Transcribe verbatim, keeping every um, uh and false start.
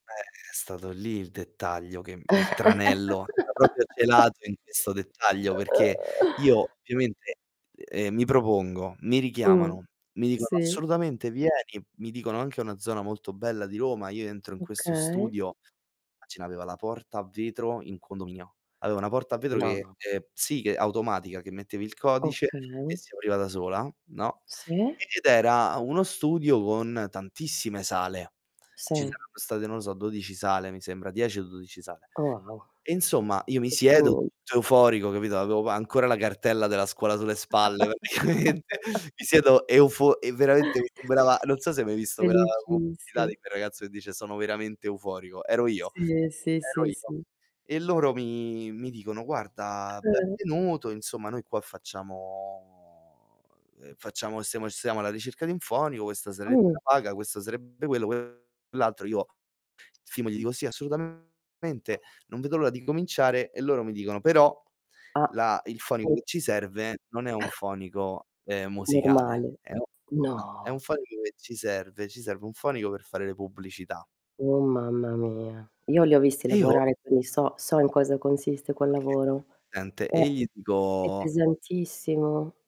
Eh, è stato lì il dettaglio che il tranello era propio celato in questo dettaglio, perché io ovviamente, ehm, mi propongo, mi Mh. richiamano, mi dicono: Sì. "Assolutamente vieni", mi dicono anche una zona molto bella di Roma, io entro in questo Okay. studio, ce n'aveva la porta a vetro in condominio. Aveva una porta a vetro No, che, no. ehm, sì, che automatica, che mettevi il codice Okay. e si apriva da sola, no? Sì. Ed era uno studio con tantissime sale. Ci Sì. saranno state, non lo so, dodici sale mi sembra, dieci o dodici sale. Oh wow. E insomma, io mi siedo Complimenti. tutto euforico, capito, avevo ancora la cartella della scuola sulle spalle, praticamente. Mi siedo eufor e veramente mi sembrava non so se hai mai visto quella pubblicità Felicissimo. di quel ragazzo che dice: "Sono veramente euforico". Ero io. Sì, sì, Ero sì, io. sì. E loro mi mi dicono: "Guarda, [unintelligible] benvenuto, insomma, noi qua facciamo ehm, facciamo stiamo stiamo alla ricerca di un fonico, questa sarebbe la Oh. paga, questo sarebbe quello, quell'altro". Io, firmo gli dico: "Sì, assolutamente, non vedo l'ora di cominciare". E loro mi dicono: "Però Ah, la il fonico che ci ops. serve non è un fonico, ehm, musicale, Normale. eh, no, è No! un fonico che ci serve ci serve un fonico per fare le pubblicità". Oh mamma mia, io li ho visti E io lavorare, quindi so so in cosa consiste quel Okay, lavoro. sente. È E io gli è dico pesantissimo.